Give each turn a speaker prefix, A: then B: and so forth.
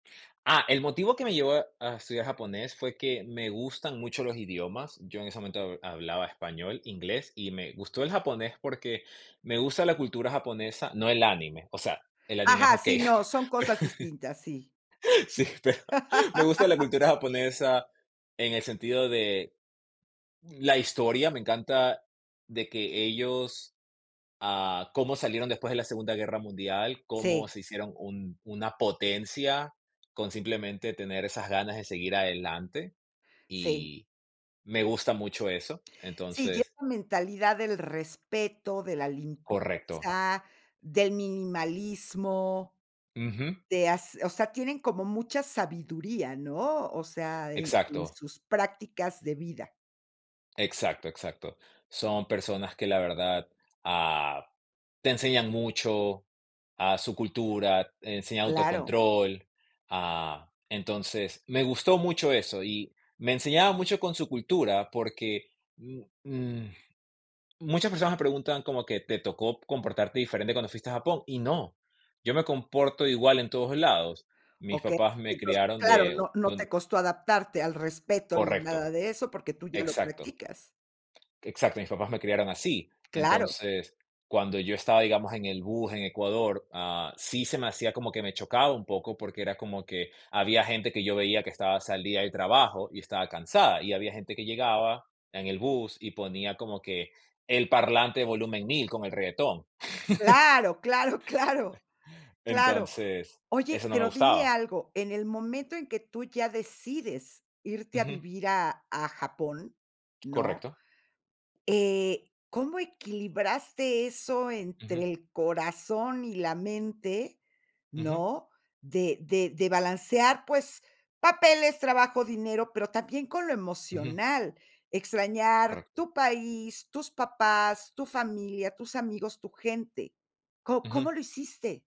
A: Ah, el motivo que me llevó a estudiar japonés fue que me gustan mucho los idiomas, yo en ese momento hablaba español, inglés, y me gustó el japonés porque me gusta la cultura japonesa, no el anime, o sea, el anime es
B: Ajá.
A: okey,
B: Sí, no, son cosas distintas, sí.
A: sí, pero me gusta la cultura japonesa en el sentido de la historia, me encanta de que ellos, ah, cómo salieron después de la Segunda Guerra Mundial, cómo
B: Sí.
A: se hicieron un una potencia con simplemente tener esas ganas de seguir adelante,
B: Sí.
A: y me gusta mucho eso,
B: Sí, lleva
A: entonces
B: mentalidad del respeto, de la
A: Correcto.
B: limpieza, del minimalismo,
A: Ujú.
B: de hace o sea, tienen como mucha sabiduría, ¿no? O sea, en en
A: Exacto.
B: sus prácticas de vida.
A: Exacto. Exacto. Son personas que, la verdad, ah, te enseñan mucho, a su cultura, enseñan
B: Claro.
A: autocontrol. Ah, entonces, me gustó mucho eso y me enseñaba mucho con su cultura, porque, mm, mm, muchas personas me preguntan como que: "¿Te tocó comportarte diferente cuando fuiste a Japón?", y no, yo me comporto igual en todos lados, mis
B: Okey.
A: papás me
B: Entonces,
A: criaron
B: claro,
A: de
B: no no
A: [unintelligible]
B: te costó adaptarte al respeto ni a
A: Correcto.
B: nada de eso, porque tú ya lo
A: Exacto.
B: practicas.
A: Exacto, mis papás me criaron así.
B: Claro.
A: Entonces, cuando yo estaba, digamos, en el bus en Ecuador, ah, sí se me hacía como que me chocaba un poco, porque era como que había gente que yo veía que estaba, salía del trabajo y estaba cansada, y había gente que llegaba en el bus y ponía como que el parlante volumen 1000 con el reguetón.
B: Claro, claro, claro, claro.
A: Entonces,
B: Oye,
A: eso no me
B: pero dime
A: gustaba.
B: algo, en el momento en que tú ya decides irte a
A: Ujú.
B: vivir a a Japón, ¿no?
A: Correcto.
B: Eh, ¿cómo equilibraste eso entre
A: Ujú.
B: el corazón y la mente?,
A: Ujú.
B: ¿no? De de de balancear, pues, papeles, trabajo, dinero, pero también con lo
A: Ujú.
B: emocional, extrañar
A: Correcto.
B: tu país, tus papás, tu familia, tus amigos, tu gente. ¿Co cómo
A: Ujú.
B: lo hiciste?